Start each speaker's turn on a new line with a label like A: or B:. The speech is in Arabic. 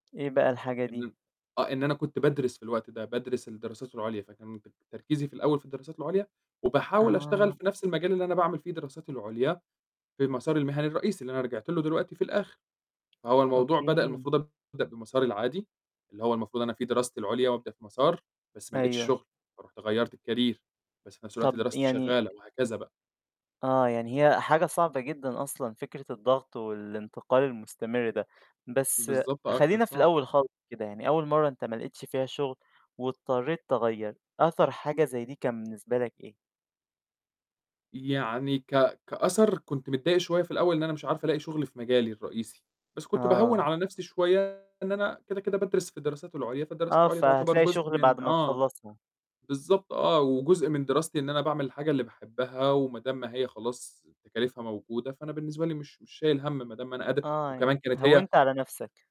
A: إيه بقى الحاجة
B: إن
A: دي؟
B: أنا آه، إن أنا كنت بادرس في الوقت ده، بادرس الدراسات العُليا، فكان بب تركيزي في الأول في الدراسات العُليا، وباحاول أشتغل
A: آه.
B: في نَفْس المجال اللي أنا باعمل فيه دراساتي العُليا، في المسار المِهني الرئيسي اللي أنا رِجعت له دلوقتي في الآخِر، فهو الموضوع بدأ
A: أوكي.
B: المفروض أبدأ بمساري العادي اللي هو المفروض أنا فيه دراستي العُليا وأبدأ في مسار، بس ما لقيتش
A: أيوه.
B: شُغل فرُحت غيّرت الكارير، بس في نَفْس الوقت
A: طَب
B: دراستي
A: يعني أ
B: شغّالة وهكذا بقى.
A: آه، يعني هي حاجة صعبة جدًا أصلًا، فكرة الضغط والإنتقال المُستمر ده، بس
B: بالضبط آه،
A: خلّينا
B: كانت
A: في
B: صعبة.
A: الأول خالص كده يعني أول مرّة أنت ما لقيتش فيها شُغل واضطرّيت تغيّر، أثر حاجة زي دي كان بالنسبة لك إيه؟
B: يعني ك كأثر كنت متضايق شوية في الأول إن أنا مش عارفة ألاقي شُغل في مجالي الرئيسي، بس كنت باهوّن
A: آه.
B: على نَفْسي شوية إن أنا كده، كده بادرس في الدراسات العُليا فالدراسات
A: آه،
B: العُليا تُعتبر
A: فهتلاقي
B: جزء
A: شُغل بعد
B: من
A: ما
B: آه.
A: تخلّصها.
B: بالضبط آه وجزء من دراستي إن أنا باعمل الحاجة اللي باحبّها وما دام ما هي خلاص تكاليفها موجودة فأنا بالنسبة لي مش مش شايل هَم ما دام أنا قاد
A: آه، يعني
B: وكمان كانت هي
A: هوّنت على نَفْسك.